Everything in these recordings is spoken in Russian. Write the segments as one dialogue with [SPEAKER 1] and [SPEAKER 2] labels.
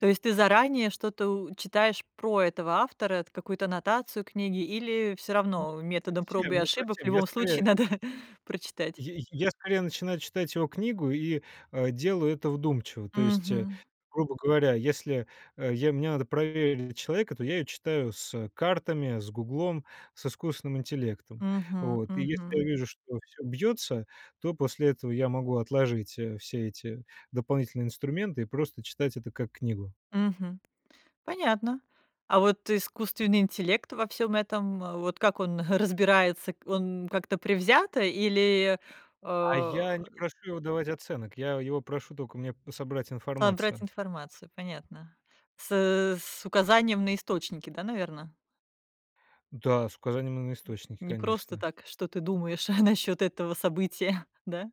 [SPEAKER 1] То есть ты заранее что-то у читаешь про этого автора, т какую-то аннотацию книги, или всё
[SPEAKER 2] Ну,
[SPEAKER 1] равно
[SPEAKER 2] не
[SPEAKER 1] методом проб и
[SPEAKER 2] совсем не
[SPEAKER 1] ошибок в
[SPEAKER 2] совсем. Я
[SPEAKER 1] любом
[SPEAKER 2] скорее
[SPEAKER 1] случае
[SPEAKER 2] и
[SPEAKER 1] надо прочитать?
[SPEAKER 2] Й й я скорее начинаю читать его книгу и, э, делаю это вдумчиво. То есть, э,
[SPEAKER 1] Мгм.
[SPEAKER 2] грубо говоря, если, э, я мне надо проверить человека, то я её читаю с, э, картами, с "Гуглом", с искусственным интеллектом.
[SPEAKER 1] Мгм
[SPEAKER 2] Вот. И если я
[SPEAKER 1] мгм.
[SPEAKER 2] вижу, что всё бьётся, то после этого я могу отложить, э, все эти дополнительные инструменты и просто читать это как книгу.
[SPEAKER 1] Мгм. Понятно. А вот искусственный интеллект во всём этом, а вот как он разбирается, он как-то предвзято или,
[SPEAKER 2] А
[SPEAKER 1] э
[SPEAKER 2] я не прошу его давать оценок. Я его прошу тока мне собрать
[SPEAKER 1] А, брать
[SPEAKER 2] информацию.
[SPEAKER 1] информацию, понятно? С э с указанием на источники, да, наверное?
[SPEAKER 2] Да, с указанием, м, на
[SPEAKER 1] М.
[SPEAKER 2] источники,
[SPEAKER 1] Не просто
[SPEAKER 2] конечно.
[SPEAKER 1] так, что ты думаешь насчёт этого события, да?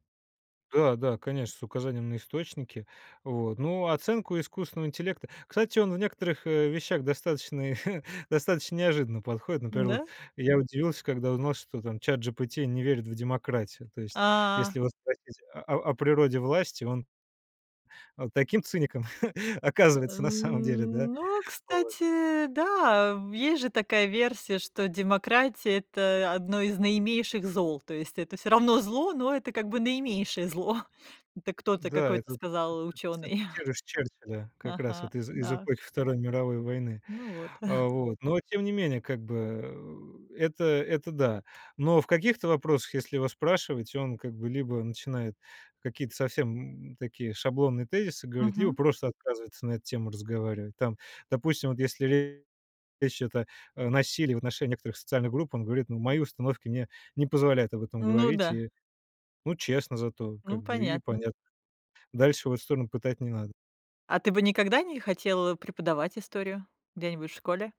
[SPEAKER 2] Да, да, конечно, с указанием на источники. Вот, ну, оценку искусственного интеллекта Кстати, он в некоторых, э, вещах достаточный достаточно неожиданно подходит. Например, вот
[SPEAKER 1] М-да.
[SPEAKER 2] я удивился, когда узнал, что там "Чат-джипити" не верит в демократию. То есть, если
[SPEAKER 1] А.
[SPEAKER 2] его спросить о о природе власти, он он таким циником
[SPEAKER 1] Э,
[SPEAKER 2] оказывается на самом деле, да.
[SPEAKER 1] ну,
[SPEAKER 2] Вот.
[SPEAKER 1] кстати, да, э, есть же такая версия, что демократия- это 1 из наименьших зол, то есть это всё равно зло, но это как бы наименьшее зло. Это кто-то,
[SPEAKER 2] Да.
[SPEAKER 1] какой-то
[SPEAKER 2] Это
[SPEAKER 1] сказал учёный.
[SPEAKER 2] [unintelligible] Черчилля как раз
[SPEAKER 1] Ага,
[SPEAKER 2] вот из из
[SPEAKER 1] да.
[SPEAKER 2] эпохи Второй мировой войны.
[SPEAKER 1] Ну, вот.
[SPEAKER 2] А, вот, но тем не менее, как бы, э, это, это да. Но в каких-то вопросах, если его спрашивать, он как бы либо начинает какие-то совсем, м, такие шаблонные тезисы говорить, либо
[SPEAKER 1] Мгм.
[SPEAKER 2] просто отказывается на эту тему разговаривать. Там, допустим, вот если речь идет о о насилии в отношении некоторых социальных групп, он говорит: "Ну, мои
[SPEAKER 1] М.
[SPEAKER 2] установки мне не позволяют об этом
[SPEAKER 1] Ну
[SPEAKER 2] говорить".
[SPEAKER 1] да.
[SPEAKER 2] И, ну, честно зато, как
[SPEAKER 1] Ну,
[SPEAKER 2] бы, и
[SPEAKER 1] понятно.
[SPEAKER 2] понятно. Дальше в эту сторону пытать не надо.
[SPEAKER 1] А ты бы никогда не хотел, а, преподавать историю? Где-нибудь в школе?